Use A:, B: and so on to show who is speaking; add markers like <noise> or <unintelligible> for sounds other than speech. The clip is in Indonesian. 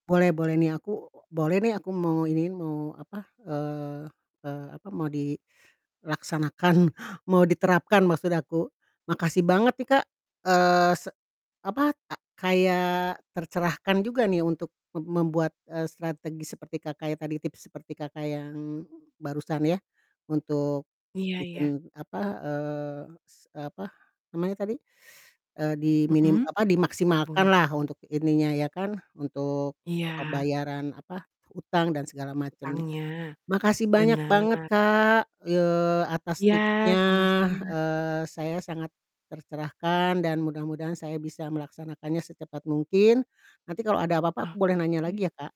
A: Boleh boleh nih aku boleh nih aku mau iniin mau apa, eee eee, apa, mau dilaksanakan mau diterapkan maksud aku, makasih banget nih Kak, eee, se apa, ta kayak tercerahkan juga nih untuk mem membuat, eee, strategi seperti Kakak ya, tadi tips seperti Kakak yang barusan ya, untuk
B: Iya iya.
A: bikin apa, eee, s eee, apa namanya tadi <sucks teeth> eee, diminim
B: Mhm,
A: apa,
B: <unintelligible> bunga?
A: dimaksimalkanlah untuk ininya ya kan untuk
B: Iya.
A: pembayaran apa, utang dan segala macemnya.
B: Hutangnya,
A: Makasih banyak banget
B: bener.
A: Kak, ye atas
B: Iya,
A: tipsnya,
B: sama-sama.
A: eee, saya sangat tercerahkan dan mudah-mudahan saya bisa melaksanakannya secepat mungkin. Nanti kalau ada apa-apa aku boleh nanya
B: Oke.
A: lagi ya Kak?